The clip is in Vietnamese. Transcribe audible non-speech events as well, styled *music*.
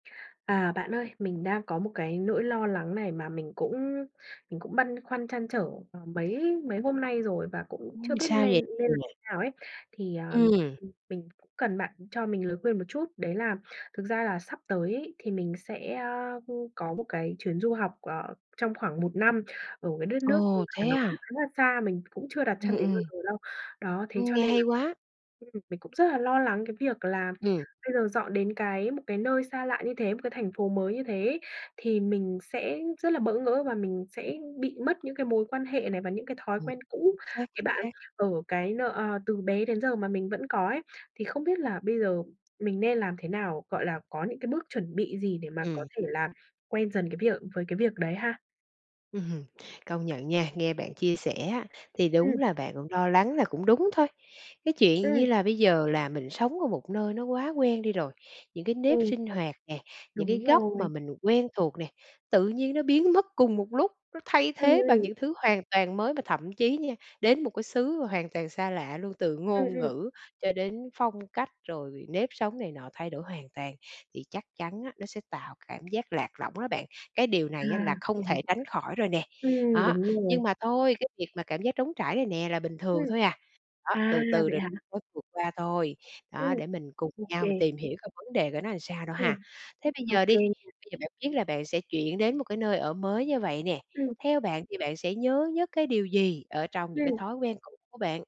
À, bạn ơi, mình đang có một cái nỗi lo lắng này mà mình cũng mình cũng băn khoăn trăn trở, ờ, mấy mấy hôm nay rồi và cũng chưa Ừm biết sao lên vậy nên làm *unintelligible* thế nào ấy. Thì, à, Ừm. ừm, mình cần bạn cho mình lời khuyên một chút đấy là thực ra là sắp tới ấy, thì mình sẽ, a, ưm, có một cái chuyến du học, ờ, trong khoảng 1 năm ở cái đất nước mà Ồ, thế nó cũng à? khá là xa, mình cũng chưa đặt chân Ừm, đến bao ừm. giờ đâu. Đó, thế Ưm, cho nghe nên là, hay quá! ừm, mình cũng rất là lo lắng cái việc là Ừm. bây giờ dọn đến cái một cái nơi xa lạ như thế, một cái thành phố mới như thế ấy thì mình sẽ rất là bỡ ngỡ và mình sẽ bị mất những cái mối quan hệ này và những cái thói Ừm. quen cũ Chính xác, cái chính bạn xác. ờ, cái nợ, ơ, từ bé đến giờ mà mình vẫn có ấy thì không biết là bây giờ mình nên làm thế nào, gọi là, có những cái bước chuẩn bị gì để mà có Ừm. thể làm quen dần cái việc với cái việc đấy ha? Ừm hừm. Công nhận nha, nghe bạn chia sẻ á, thì đúng Ừm. là bạn cũng lo lắng là cũng đúng thôi. Cái chuyện Ừm. như là bây giờ là mình sống ở một nơi nó quá quen đi rồi, những cái nếp Ừ. sinh hoạt nè, những cái Đúng góc mà rồi. mình quen thuộc nè, tự nhiên nó biến mất cùng một lúc, nó thay Ừm, thế bằng ừm. những thứ hoàn toàn mới mà thậm chí nha, đến một cái xứ mà hoàn toàn xa lạ luôn từ Ừm, ngôn ừm. ngữ cho đến phong cách rồi nếp sống này nọ thay đổi hoàn toàn thì chắc chắn á, nó sẽ tạo cảm giác lạc lõng đó bạn. Cái điều À. này á là Vậy không hả? thể tránh khỏi rồi nè. Ừm, Đó, đúng rồi. nhưng mà thôi, cái việc mà cảm giác trống trải này nè là bình Ừm. thường thôi à. Đó, À, từ từ vậy rồi hả? mới vượt qua thôi, Ừm. đó, để mình cùng Ô nhau mình kê. tìm hiểu coi vấn đề của nó làm sao đâu Ừm. ha. Thế bây Ô giờ kê. đi, bây giờ bạn biết là bạn sẽ chuyển đến một cái nơi ở mới như vậy nè. Ừm. Theo bạn thì bạn sẽ nhớ nhất cái điều gì ở trong những cái Ừm. thói quen cũ của bạn?